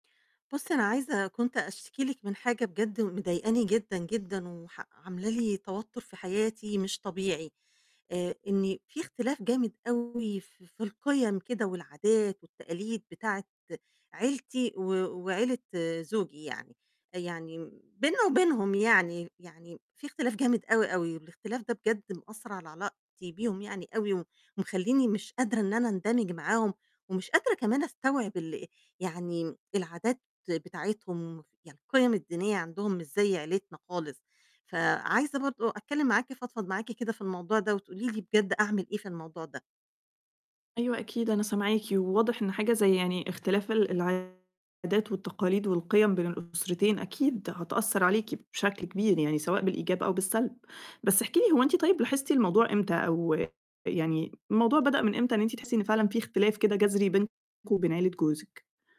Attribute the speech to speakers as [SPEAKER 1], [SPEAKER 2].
[SPEAKER 1] بُصّي، أنا عايزة كنت أشتكي لِك من حاجة بجد مضايقاني جدًا، جدًا، وح عاملة لي توتر في حياتي مش طبيعي، آآ، إني في اختلاف جامد أوي ف في القِيَم كده، والعادات والتقاليد بتاعة عيلتي، و وعيلة زوجي يعني، يعني بيننا وبينهم يعني، يعني في اختلاف جامد أوي، أوي والاختلاف ده بجد مأثّر على علاقتي بيهم يعني أوي، و ومخلّيني مش قادرة إن أنا أندمِج معاهم، ومش قادرة كمان أستوعب ال يعني العادات بتاعتهم، يعني القِيَم الدينية عندهم مش زَي عيلتنا خالص، فعايزة برضه أتكلّم معاكِ، أفضفض معاكِ كده في الموضوع ده، وتقولي لي بجد أعمل إيه في الموضوع ده.
[SPEAKER 2] أيوه أكيد، أنا سامعاكِ، وواضح إن حاجة زَي يعني اختلاف ال العادات والتقاليد، والقِيَم بين الأسرتين أكيد هتأثّر عليكِ بشكل كبير يعني، سواء بالإيجاب أو بالسَلْب، بس احكي لي هو أنتِ طيب لاحظتِ الموضوع إمتى؟ أو يعني الموضوع بدأ من إمتى، إن أنتِ تحسّي إن فعلًا في اختلاف كده جَذْري بينكم وبين عيلة جوزِك؟